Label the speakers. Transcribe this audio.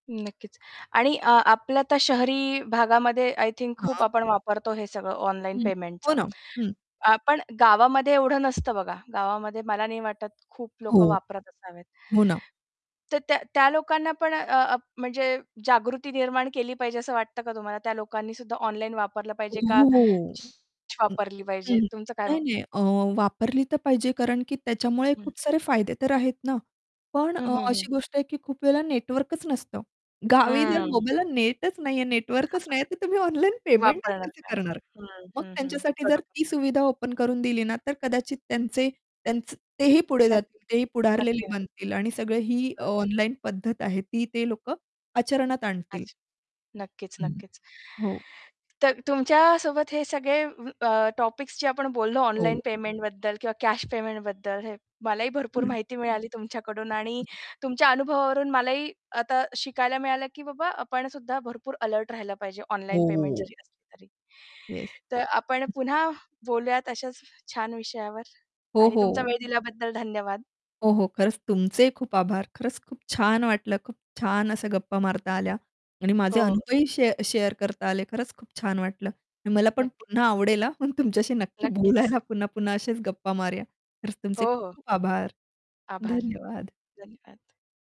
Speaker 1: नक्कीच. आणि अ, आपल्या आता शहरी भागामध्ये आय थिंक खूप
Speaker 2: हां.
Speaker 1: आपण वापरतो, हे सगळं ऑनलाईन
Speaker 2: हं, हो
Speaker 1: पेमेंटचं.
Speaker 2: ना, हं.
Speaker 1: अ, पण गावामध्ये एवढं नसतं बघा. गावामध्ये मला नाही वाटत, खूप लोक
Speaker 2: हो.
Speaker 1: वापरात असावेत.
Speaker 2: हो ना.
Speaker 1: तर त्या त्या लोकांना पण अ, अं, म्हणजे जागृती निर्माण केली पाहिजे असं वाटतं का तुम्हाला? त्या लोकांनीसुद्धा ऑनलाईन वापरलं पाहिजे का?
Speaker 2: हो, हो.
Speaker 1: [unintelligible]
Speaker 2: अं,
Speaker 1: वापरली पाहिजे,
Speaker 2: हं,
Speaker 1: तुमचं काय म
Speaker 2: नाही, नाही. अ, वापरली तर पाहिजे, कारण की त्याच्यामुळे
Speaker 1: हं.
Speaker 2: खूप सारे फायदे तर आहेत ना. पण
Speaker 1: हं,
Speaker 2: अ,
Speaker 1: हं, हं.
Speaker 2: अशी गोष्ट आहे की खूप वेळा नेटवर्कच नसतं. गावी जर
Speaker 1: हां.
Speaker 2: मोबाईलला नेटच नाही आहे, नेटवर्कच नाही आहे, तर तुम्ही ऑनलाईन पेमेंटच
Speaker 1: वापरणार
Speaker 2: कसं
Speaker 1: काय?
Speaker 2: करणार?
Speaker 1: हं,
Speaker 2: मग
Speaker 1: हं, हं,
Speaker 2: त्यांच्यासाठी जर
Speaker 1: बरोबर.
Speaker 2: ती सुविधा ओपन करून दिली ना, तर कदाचित त्यांचे त्यांचं तेही पुढे
Speaker 1: त्यान
Speaker 2: जातील. तेही पुढारलेले
Speaker 1: नक्की, नक्की.
Speaker 2: बनतील आणि सगळं ही
Speaker 1: बरोबर.
Speaker 2: ऑनलाईन पद्धत आहे, ती ते लोक आचरणात आणतील.
Speaker 1: अच्छा. नक्कीच,
Speaker 2: अं, हं,
Speaker 1: नक्कीच.
Speaker 2: हो.
Speaker 1: तर तुमच्यासोबत हे सगळे अ, टॉपिक्स जे आपण बोललो ऑनलाईन
Speaker 2: हो.
Speaker 1: पेमेंटबद्दल किंवा कॅश पेमेंटबद्दल, हे मलाही भरपूर
Speaker 2: हां.
Speaker 1: माहिती मिळाली तुमच्याकडून. आणि तुमच्या अनुभवावरून मलाही आता शिकायला मिळालं, की "बाबा, आपणसुद्धा भरपूर अलर्ट राहिला पाहिजे, ऑनलाईन पेमेंट
Speaker 2: हो.
Speaker 1: जरी असली तरी."
Speaker 2: येस,
Speaker 1: तर आपण
Speaker 2: हं.
Speaker 1: पुन्हा बोलूयात अशाच छान विषयावर.
Speaker 2: हो,
Speaker 1: आणि तुमचा
Speaker 2: हो.
Speaker 1: वेळ दिल्याबद्दल धन्यवाद.
Speaker 2: हो, हो, खरंच, तुमचेही खूप आभार. खरंच, खूप छान वाटलं. खूप छान अशा गप्पा मारता आल्या आणि माझे
Speaker 1: हो.
Speaker 2: अनुभवही शे शेअर करता आले. खरंच, खूप छान वाटलं. आणि मला पण पुन्हा
Speaker 1: नक्कीच.
Speaker 2: आवडेल हं, मग तुमच्याशी नक्की
Speaker 1: नक्कीच.
Speaker 2: बोलायला पुन्हा पुन्हा असेच गप्पा मारूया. खरंच,
Speaker 1: हो,
Speaker 2: तुमचे
Speaker 1: हो.
Speaker 2: खूप-खूप आभार,
Speaker 1: आभार,
Speaker 2: धन्यवाद.
Speaker 1: धन्यवाद.